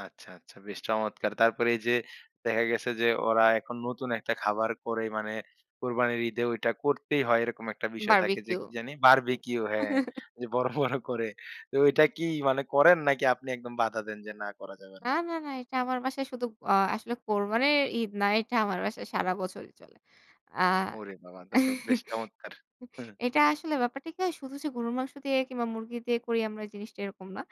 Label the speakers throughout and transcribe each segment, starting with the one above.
Speaker 1: আচ্ছা, আচ্ছা, বেশ চমৎকার। তারপরে এই যে, দেখা গেছে যে, ওরা এখন নতুন একটা খাবার করে মানে কোরবানির ঈদে ঐটা করতেই হয়। এরকম একটা বিষয় থাকে, যে,
Speaker 2: বারবিকিউ।
Speaker 1: কি জানি? বারবিকিউ, হ্যাঁ। যে, বড়, বড় করে। তো ওইটা কি মানে করেন নাকি আপনি একদম বাধা দেন যে, না করা যাবে
Speaker 2: না,
Speaker 1: না?
Speaker 2: না, না, এটা আমার বাসায় শুধু আ আসলে কোরবানের ঈদ না। এটা আমার বাসায় সারা বছরই চলে। আ
Speaker 1: ওরে বাবা, তা তো বেশ চমৎকার!
Speaker 2: [unintelligible] এটা আসলে ব্যাপারটা কি হয় শুধু যে, গরুর মাংস দিয়ে কিংবা মুরগি দিয়ে করি আমরা জিনিসটা এরকম না।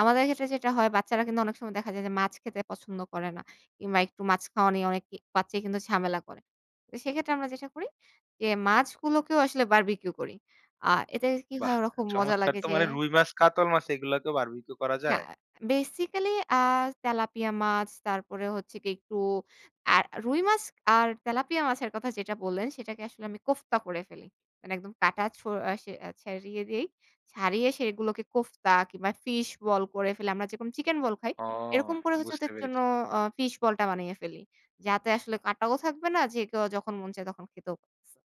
Speaker 2: আমাদের ক্ষেত্রে যেটা হয় বাচ্চারা কিন্তু অনেক সময় দেখা যায় যে, মাছ খেতে পছন্দ করে না। কিংবা একটু মাছ খাওয়া নিয়ে অনেক ই বাচ্চাই কিন্তু ঝামেলা করে। তো সেক্ষেত্রে আমরা যেটা করি যে, মাছগুলোকেও আসলে বারবিকিউ করি। আ এতে কি হয়
Speaker 1: বাহ,
Speaker 2: ওরকম খুব মজা
Speaker 1: চমৎকার!
Speaker 2: লাগে
Speaker 1: তো
Speaker 2: যে
Speaker 1: মানে রুই মাছ, কাতল মাছ এগুলোকেও বারবিকিউ করা
Speaker 2: না
Speaker 1: যায়?
Speaker 2: বেসিক্যালি আ তেলাপিয়া মাছ তারপরে হচ্ছে কি একটু আ রুই মাছ আর তেলাপিয়া মাছের কথা যেটা বললেন সেটাকে আসলে আমি কোফতা করে ফেলি। মানে একদম কাটা ছু আ সে আ ছাড়িয়ে দেই। ছাড়িয়ে সেগুলোকে কোফতা কিংবা ফিশ বল করে ফেলি। আমরা যেকোনো চিকেন বল খাই।
Speaker 1: ওহ,
Speaker 2: এরকম করে হচ্ছে
Speaker 1: বুঝতে
Speaker 2: ওদের জন্য
Speaker 1: পেরেছি।
Speaker 2: আ ফিশ বল টা বানিয়ে ফেলি। যাতে আসলে কাটাও থাকবে না যে, কেউ যখন মন চায় তখন খেতেও পা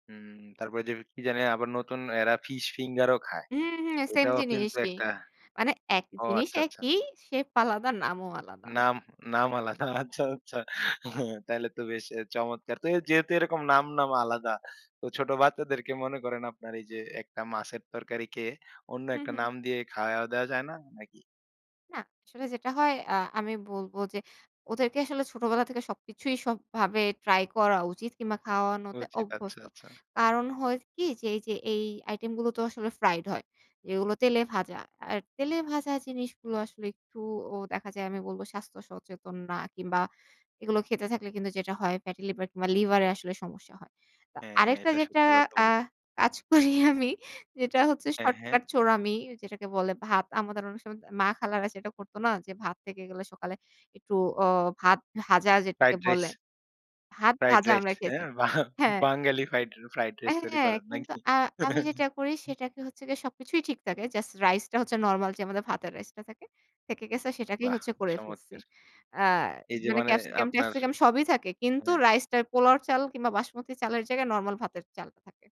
Speaker 1: হুম। তারপরে যে, কি জানি আবার নতুন এরা ফিশ ফিঙ্গার ও খায়।
Speaker 2: হু, হু, সেইম
Speaker 1: এটাও কিন্তু
Speaker 2: জিনিসই।
Speaker 1: একটা
Speaker 2: মানে এক,
Speaker 1: ও
Speaker 2: জিনিস
Speaker 1: আচ্ছা, আচ্ছা।
Speaker 2: একই শেফ আলাদা, নামও আলাদা।
Speaker 1: নাম নাম আলাদা। আচ্ছা, আচ্ছা তাইলে তো বেশ এ চমৎকার। তো যেহেতু এরকম নাম, নাম, আলাদা। তো ছোট বাচ্চাদেরকে মনে করেন আপনার এই যে, একটা মাছের তরকারি খেয়ে অন্য
Speaker 2: হু,
Speaker 1: একটা নাম
Speaker 2: হুম।
Speaker 1: দিয়ে খাওয়ায় দেওয়া যায় না নাকি?
Speaker 2: না, আসলে যেটা হয় আ আমি বলব যে, ওদেরকে আসলে ছোটবেলা থেকে সবকিছুই সবভাবে ট্রাই করা উচিত কিংবা খাওয়ানোতে
Speaker 1: উচিত, আচ্ছা,
Speaker 2: অভ্যস্ত।
Speaker 1: আচ্ছা।
Speaker 2: কারণ হয় কি যে, এই যে, এই আইটেম গুলো তো আসলে ফ্রাইড হয়। এগুলো তেলে ভাজা। আর তেলে ভাজা জিনিসগুলো আসলে একটু ও দেখা যায় আমি বলব স্বাস্থ্য সচেতন না কিংবা এগুলো খেতে থাকলে কিন্তু যেটা হয় ফ্যাটি লিভার কিংবা লিভারে আসলে সমস্যা হয়। তো
Speaker 1: হ্যাঁ,
Speaker 2: আরেকটা
Speaker 1: এটা
Speaker 2: যেটা
Speaker 1: সত্যি কথা
Speaker 2: আ
Speaker 1: বলেছেন।
Speaker 2: কাজ করি আমি যেটা হচ্ছে
Speaker 1: হ্যাঁ, হ্যাঁ।
Speaker 2: শর্টকাট চোরামি যেটাকে বলে ভাত, আমাদের অনেক সময় মা খালারা যেটা করত না যে, ভাত থেকে গেলে সকালে একটু অ ভাত ভাজা যেটাকে
Speaker 1: ফ্রাইড রাইস।
Speaker 2: বলে। ভাত
Speaker 1: ফ্রাইড
Speaker 2: ভাজা
Speaker 1: রাইস,
Speaker 2: আমরা খেয়েছি।
Speaker 1: হ্যাঁ? বাহ
Speaker 2: হ্যাঁ।
Speaker 1: Bengali fried fried
Speaker 2: uh
Speaker 1: rice তৈরি
Speaker 2: হ্যাঁ,
Speaker 1: করার
Speaker 2: কিন্তু
Speaker 1: নাকি?
Speaker 2: আ আমি যেটা করি সেটাকে হচ্ছে গিয়ে সবকিছুই ঠিক থাকে। জাস্ট রাইস টা হচ্ছে নরমাল যে, আমাদের ভাতের রাইস টা থাকে, থেকে গেছে, সেটাকেই
Speaker 1: বাহ,
Speaker 2: হচ্ছে করে ফেলছি।
Speaker 1: চমৎকার!
Speaker 2: আ
Speaker 1: এই যে,
Speaker 2: মানে
Speaker 1: মানে
Speaker 2: ক্যাপসিকাম
Speaker 1: আপনার
Speaker 2: ট্যাপসিকাম সবই থাকে। কিন্তু
Speaker 1: হ্যাঁ।
Speaker 2: রাইস টা পোলাও এর চাল কিংবা বাসমতি চালের জায়গায় নরমাল ভাতের চালটা থাকে।